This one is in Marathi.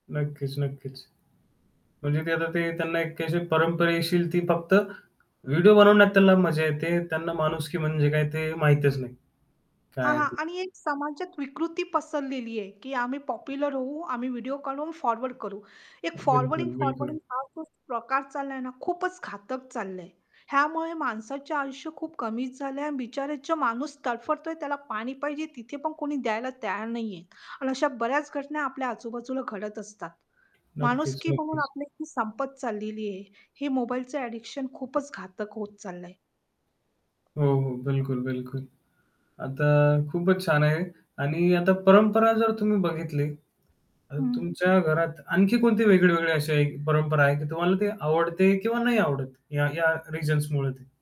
नक्कीच, नक्कीच. म्हणजे ते आता ते त्यांना एक अशी परंपरेशील ती फक्त, व्हिडिओ बनवण्यात त्यांना मजा येते, त्यांना माणुसकी म्हणजे काय ते माहीतच नाही, काय हां, आहे हां. ते. आणि एक समाजात विकृती पसरलेली आहे, की आम्ही पॉप्युलर होऊ, आम्ही व्हिडिओ काढून फॉरवर्ड करू. हे अ, बिलकुल, फॉरवर्डिंग, बिलकुल. फॉरवर्डिंग हा जो प्रकार चालला आहे ना, खूपच घातक चाललं आहे. ह्यामुळे माणसाचे आयुष्य खूप कमीच झालं आहे आणि बिचारे जो माणूस तडफडतोय, त्याला पाणी पाहिजे तिथे पण कोणी द्यायला तयार नाही आहे आणि अशा बऱ्याच घटना आपल्या आजूबाजूला घडत असतात. नक्कीच, माणुसकी म्हणून नक्कीच. आपली ती संपत चाललेली आहे, हे मोबाईलचं ॲडिक्शन खूपच घातक होत चाललं आहे. हो, हो. बिलकुल, बिलकुल. आता खूपच छान आहे. आणि आता परंपरा जर तुम्ही बघितली आणि हं. तुमच्या घरात आणखी कोणती वेगळीवेगळी अशी आहे परंपरा आहे, की तुम्हाला ते आवडते किंवा नाही आवडत या-या रिझन्स मुळं ते?